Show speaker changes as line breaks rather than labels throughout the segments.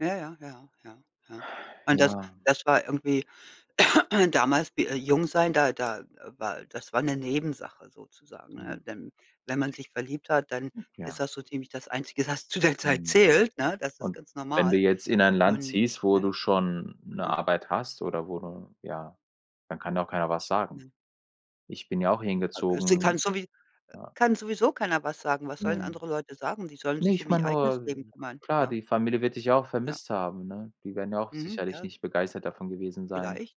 Ja, ja, ja, ja, ja, ja. Und das
Ja.
das war irgendwie damals wie, äh jung sein, da da, äh, war das war 'ne Nebensache sozusagen, ne?
Ja.
Denn wenn man sich verliebt hat, dann
Hm.
ist
Ja.
das so ziemlich das Einzige, was zu der Zeit
Mhm.
zählt, ne, das ist
Und
ganz
wenn du
normal.
jetzt in ein Land
Und,
ziehst, wo
ne
du schon 'ne
aha.
Arbeit hast oder wo du ja, dann kann ja auch keiner was sagen.
Mhm.
Ich bin ja auch hier
A g es kann
hingezogen.
sowie äh,
Ja.
kann sowieso keiner was sagen. Was sollen
Ne.
andere Leute sagen? Die sollen
Ne,
sich
ich
um ihr
meine
eigenes Leben
nur
kümmern.
klar,
Ja.
die Familie wird dich ja auch
Ja.
vermisst haben, ne? Die werden ja auch
Mhm.
sicherlich
Ja.
nicht begeistert davon gewesen sein,
Vielleicht.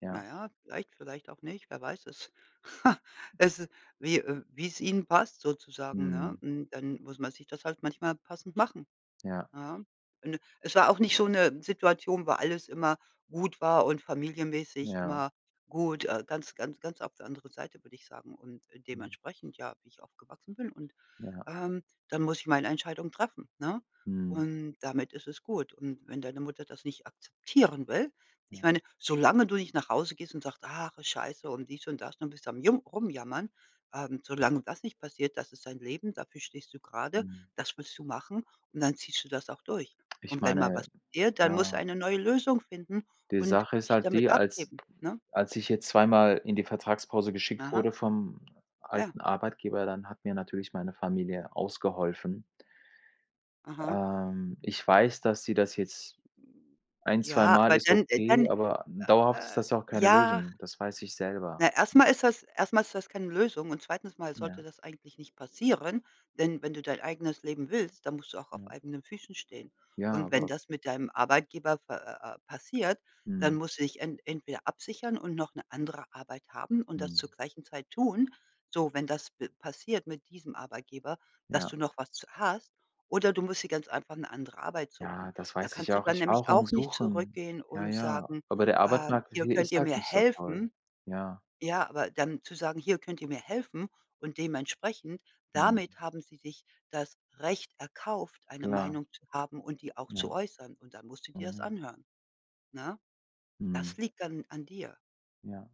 ja.
Na ja, vielleicht, vielleicht auch nicht, wer weiß es? Es ist, wie äh, wie es ihnen passt sozusagen, ne?
Mhm.
Hm, dann muss man sich das halt manchmal passend machen,
Ja.
ja? Äh, n es war auch nicht so 'ne Situation, wo alles immer gut war und familienmäßig
Ja.
immer gut, äh ganz, ganz, ganz auf der anderen Seite, würde ich sagen. Und, äh,
Mhm.
dementsprechend, ja, wie ich aufgewachsen bin und
Ja.
ähm, dann muss ich meine Entscheidung treffen, ne?
Mhm.
Und damit ist es gut. Und wenn deine Mutter das nicht akzeptieren will ich
Ja.
meine, solange du nicht nach Hause gehst und sagst: „Ach, ist Scheiße“, und dies und das und bist du am Jum Rumjammern, ähm solange das nicht passiert, das ist dein Leben, dafür stehst du grade,
Mhm.
das willst du machen und dann ziehst du das auch durch.
Ich
Und wenn mal
meine
was passiert, dann muss
ja
eine neue Lösung finden
die
und
Sache ist
dich
halt die,
damit
als
abgeben, ne?
als ich jetzt zweimal in die Vertragspause geschickt
Aha.
wurde vom
Ja.
alten Arbeitgeber, dann hat mir natürlich meine Familie ausgeholfen.
Aha.
Ähm, ich weiß, dass sie das jetzt ein
Ja,
zweimal
aber
ist
dann äh, dann
okay, aber dauerhaft ist
äh, äh,
das ja auch keine
ja
Lösung. Das weiß ich selber.
ne, erstmal ist das erstmal ist das keine Lösung und zweitens Mal
Ja.
sollte das eigentlich nicht passieren, denn, wenn du dein eigenes Leben willst, dann musst du auch auf
Ja.
eigenen Füßen stehen.
Ja,
Und wenn
aber
das mit deinem Arbeitgeber pa ah, ah, ah, passiert, dann
Mhm.
musst du dich en entweder absichern und noch 'ne andere Arbeit haben und das
Mhm.
zur gleichen Zeit tun. So, wenn das pe passiert mit diesem Arbeitgeber, dass
Ja.
du noch was z hast. Oder du musst dir ganz einfach 'ne andere Arbeit suchen.
Ja, das
Da
weiß
kannst
ich
du
auch.
dann
Ich war
nämlich
auch am
auch nicht
Suchen,
zurückgehen
ja,
und
ja,
sagen:
aber der
„Ähm,
Arbeitsmarkt
hier,
hier
könnt
ist
ihr
halt
mir
nicht so toll,
helfen?“
ja.
Ja, aber dann zu sagen: „Hier könnt ihr mir helfen?“, und dementsprechend,
Mhm.
damit haben sie sich das Recht erkauft, eine
Klar.
Meinung zu haben und die auch zu
Ja.
äußern. Und dann musst du
Ah,
dir das
ja.
anhören, ne? Das
Mhm.
liegt dann an dir.
Ja.